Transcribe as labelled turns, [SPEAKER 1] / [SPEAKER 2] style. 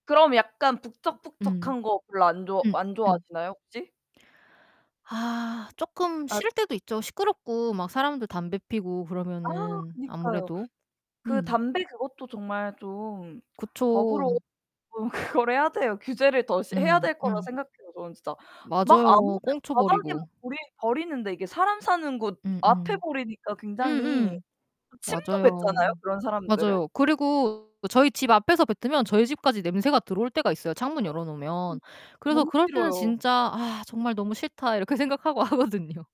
[SPEAKER 1] 그럼 약간
[SPEAKER 2] 음.
[SPEAKER 1] 북적북적한 거 별로 안 좋아
[SPEAKER 2] 응
[SPEAKER 1] 안
[SPEAKER 2] 응.
[SPEAKER 1] 좋아하시나요? 혹시?
[SPEAKER 2] 아 쪼끔
[SPEAKER 1] 아.
[SPEAKER 2] 싫을 때도 있죠. 시끄럽고 막 사람들 담배 피우고
[SPEAKER 1] 아
[SPEAKER 2] 그러면은
[SPEAKER 1] 그니까요.
[SPEAKER 2] 아무래도
[SPEAKER 1] 그
[SPEAKER 2] 음.
[SPEAKER 1] 담배 그것도 정말 좀
[SPEAKER 2] 그쵸.
[SPEAKER 1] 법으로 좀 그거를 해야 돼요. 규제를 더 해야
[SPEAKER 2] 음
[SPEAKER 1] 될 거라
[SPEAKER 2] 음.
[SPEAKER 1] 생각해요 저는 진짜. 막
[SPEAKER 2] 맞아요.
[SPEAKER 1] 아무나
[SPEAKER 2] 꽁초
[SPEAKER 1] 바닥에 막
[SPEAKER 2] 버리고.
[SPEAKER 1] 버리 버리는데 이게 사람 사는 곳
[SPEAKER 2] 음
[SPEAKER 1] 앞에
[SPEAKER 2] 음.
[SPEAKER 1] 버리니까
[SPEAKER 2] 음
[SPEAKER 1] 굉장히
[SPEAKER 2] 음.
[SPEAKER 1] 그 침도
[SPEAKER 2] 맞아요.
[SPEAKER 1] 뱉잖아요 그런 사람들은.
[SPEAKER 2] 맞아요. 그리고 저희 집 앞에서 뱉으면 저희 집까지 냄새가 들어올 때가 있어요 창문 열어 놓으면.
[SPEAKER 1] [unintelligible]
[SPEAKER 2] 그래서
[SPEAKER 1] 너무
[SPEAKER 2] 그럴 때는
[SPEAKER 1] 싫어요.
[SPEAKER 2] 진짜 '아 정말 너무 싫다.' 이렇게 생각하고 하거든요.